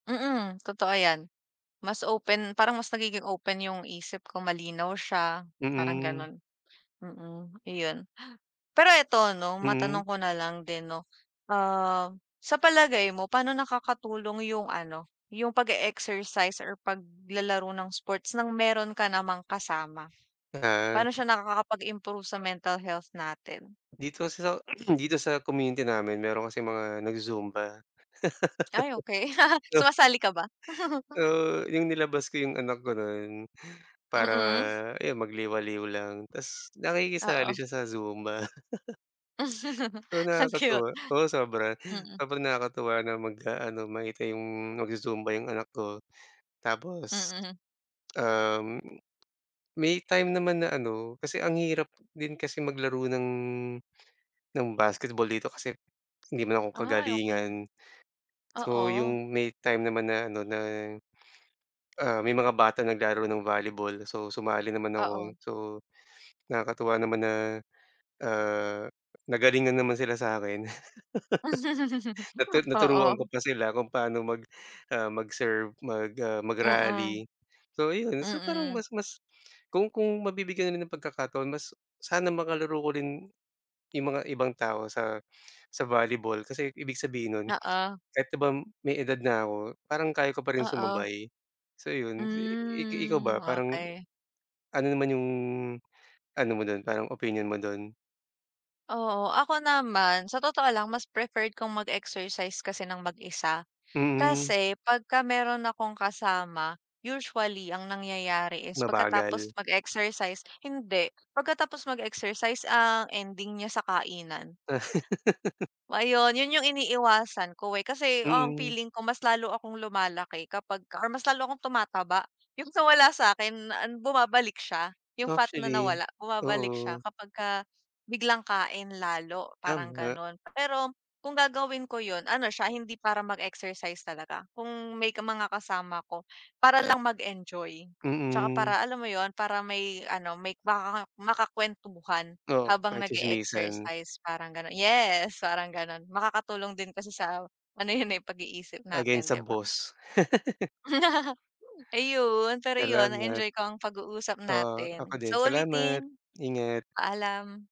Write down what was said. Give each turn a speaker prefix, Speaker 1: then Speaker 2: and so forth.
Speaker 1: Mm totoo yan. Mas open parang mas nagiging open yung isip ko malinaw siya, parang
Speaker 2: Mm.
Speaker 1: ganun. Mm iyon. Pero eto 'no,
Speaker 2: Mm.
Speaker 1: matanong ko na lang din no ah, sa palagay mo paano nakakatulong yung ano, yung pag-e-exercise or paglalaro ng sports ng meron ka namang kasama?
Speaker 2: Ah.
Speaker 1: Paano siya nakakapag-improve sa mental health natin?
Speaker 2: Dito sa dito sa community namin meron kasing mga nagzu-zumba.
Speaker 1: Ay okey
Speaker 2: Ah.
Speaker 1: sumasali ka ba?
Speaker 2: Oo, yung nilabas ko yung anak ko nun para
Speaker 1: Mm.
Speaker 2: ayun magliwaliw lang ta's nakikisali
Speaker 1: Oo.
Speaker 2: siya sa zumba. So
Speaker 1: Ang cute.
Speaker 2: nakakatuwa, oo sobra.
Speaker 1: Mm.
Speaker 2: Sobrang nakakatuwa na mag-aano makita yung magzu-zumba yung anak ko. Tapos,
Speaker 1: Mm.
Speaker 2: um may time naman na ano, kasi ang hirap din kasi maglaro ng ng basketball dito. Kasi, hindi naman ako
Speaker 1: Ay okey.
Speaker 2: kagalingan. So
Speaker 1: Oo.
Speaker 2: yung may time naman na ano na, ah may mga bata naglaro ng volleyball, so sumali naman ako.
Speaker 1: Oo.
Speaker 2: So nakakatuwa naman na ah, nagalingan naman sila sa'kin. Natu naturuan ko
Speaker 1: Oo.
Speaker 2: pa sila kung paano mag ah mag-serve, mag ah
Speaker 1: Mm.
Speaker 2: mag-rally. So ayun so parang
Speaker 1: Mm.
Speaker 2: mas mas kung kung mabibigyan na rin ng pagkakataon mas sana makalaro ko rin yung mga ibang tao sa sa volleyball. Kasi ibig sabihin nun
Speaker 1: Oo.
Speaker 2: kahit 'di ba may edad na ako parang kaya ko pa rin
Speaker 1: Oo.
Speaker 2: sumabay. So yun i i ikaw
Speaker 1: Hmm
Speaker 2: ba? Parang,
Speaker 1: okey.
Speaker 2: ano naman yung ano mo dun parang opinyon mo dun?
Speaker 1: Oo, ako naman sa totoo lang mas preferred kong mag-exercise kasi ng mag-isa.
Speaker 2: Mm.
Speaker 1: Kasi pagka meron akong kasama, usually ang nangyayari is pagkatapos
Speaker 2: Mabagal.
Speaker 1: mag-exercise hindi, pagkatapos mag-exercise ang ending niya sa kainan. Ayun, yun yung iniiwasan ko eh. Kasi ang
Speaker 2: Mm.
Speaker 1: feeling ko mas lalo akong lumalaki kapag or mas lalo akong tumataba yung sa wala sa'kin an bumabalik siya yung fat na
Speaker 2: Actually
Speaker 1: nawala bumabalik siya.
Speaker 2: oo.
Speaker 1: Kapagka biglang kain lalo parang
Speaker 2: Tama.
Speaker 1: ganun. Pero kung gagawin ko yun ano siya, hindi para mag-exercise talaga kung may mga kasama ko para lang mag-enjoy. Tsaka para
Speaker 2: Mm.
Speaker 1: alam mo yun? Para may ano may makaka makakwentuhan
Speaker 2: Oo
Speaker 1: habang
Speaker 2: ka-chismisan.
Speaker 1: nag-e-exercise parang ganun. Yes, parang ganun makakatulong din kasi sa ano yun eh, pag-iisip
Speaker 2: Against
Speaker 1: natin,
Speaker 2: sa
Speaker 1: 'di ba?
Speaker 2: boss.
Speaker 1: Ayun pero yun
Speaker 2: Salamat.
Speaker 1: na-enjoy ko ang pag-uusap
Speaker 2: Oo ako
Speaker 1: natin sa
Speaker 2: din salamat,
Speaker 1: ulitin.
Speaker 2: ingat.
Speaker 1: Paalam.